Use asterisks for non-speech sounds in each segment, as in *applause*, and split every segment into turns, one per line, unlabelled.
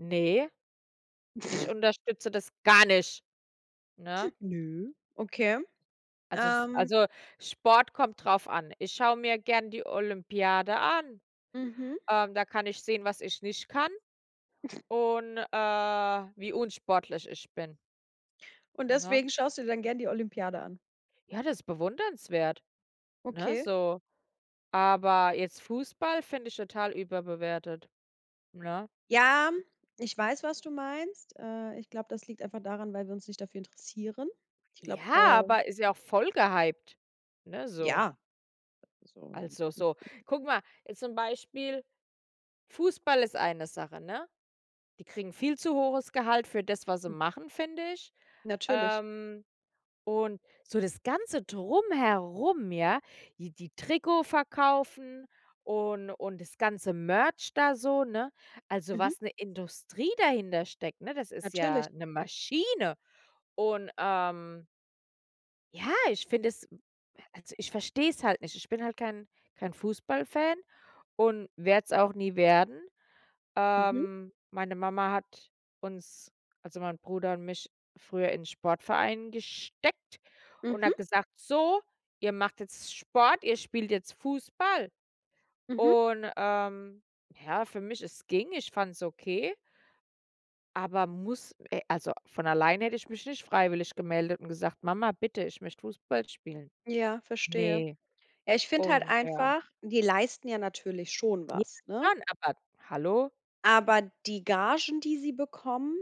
Ne, ich
*snorts*
unterstütze das gar nicht, ne?
*chuckles* Ne, okay.
Also es
Ähm
also Sport kommt drauf an. Ich schaue mir gern die Olympiade an.
Mhm.
Ähm, da kann ich sehen, was ich nicht kann
*snorts*
und, äh, wie unsportlich ich bin.
Und
Ne?
deswegen schaust du dir dann gerne die Olympiade an?
Ja das bewundernswert, ne,
Okay.
so. Aber jetzt Fußball finde ich total überbewertet, ne?
Ja, ich weiß, was du meinst. Äh, ich glaube, das liegt einfach daran, weil wir uns nicht dafür interessieren. Ich glaube,
Ja,
äh
aber ist ja auch voll gehypt. Ne, so.
Ja. So 'n.
Also so,
*unintelligible*
guck mal, zum Beispiel Fußball ist eine Sache, ne? Die kriegen viel zu hohes Gehalt für das, was sie
Hm.
machen, finde ich.
Natürlich.
Ähm, und so das ganze Drumherum, ja, die die Trikot verkaufen und und das Ganze Merch da so, ne? Also,
Mhm.
was 'ne Industrie dahintersteckt, ne, das ist
Natürlich.
ja 'ne Maschine. Und, ähm ja, ich finde es also ich verstehe es halt nicht. Ich bin halt kein kein Fußballfan und werde es auch nie werden.
Mhm.
Ähm, meine Mama hat uns, also mein Bruder und mich früher in Sportverein gesteckt und
Mhm.
hat gesagt: „So, ihr macht jetzt Sport, ihr spielt jetzt Fußball“
Mhm.
und, ähm, ja, für mich, es ging, ich fand's okay aber muss, äh also von allein hätte ich mich nicht freiwillig gemeldet und gesagt: „Mama, bitte, ich möchte Fußball spielen.“
Ja, verstehe.
Ne,
Ja, ich finde halt
und ja.
einfach, die leisten ja natürlich schon
Ja,
was, ne?
schon, aber hallo?
Aber die Gagen, die sie bekommen,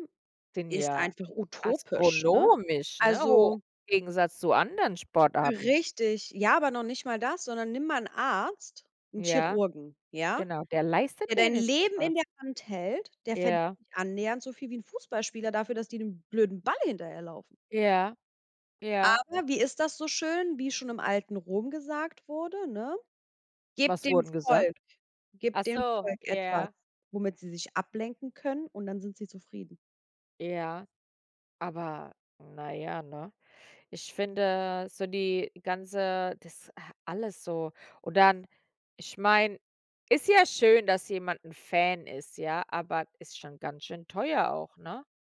Sind
ist
ja
einfach utopisch, ne?
astronomisch, ne, hoch,
Also
Gegensatz zu anderen Sportarten.
Richtig, ja, aber noch nicht mal das, sondern nimm mal 'n Arzt, 'n
Ja,
Chirurgen, ja?
genau, der
Der
leistet
dein
wenigstens
Leben in
was.
der Hand hält, der verdient
Ja.
nicht annähernd so viel wie 'n Fußballspieler dafür, dass die dem blöden Ball hinterherlaufen.
Ja. Ja.
Aber wie ist das so schön, wie schon im alten Rom gesagt wurde, ne? Gebt
Was
dem
wurde denn
Volk
gesagt? Ach
gebt dem
so,
Volk etwas,
ja.
womit sie sich ablenken können und dann sind sie zufrieden.
Ja. Aber na ja, ne? Ich finde so die ganze das a alles so. Und dann ich meine, ist ja schön, dass jemand 'n Fan ist, ja, aber ist schon ganz schön teuer auch, ne?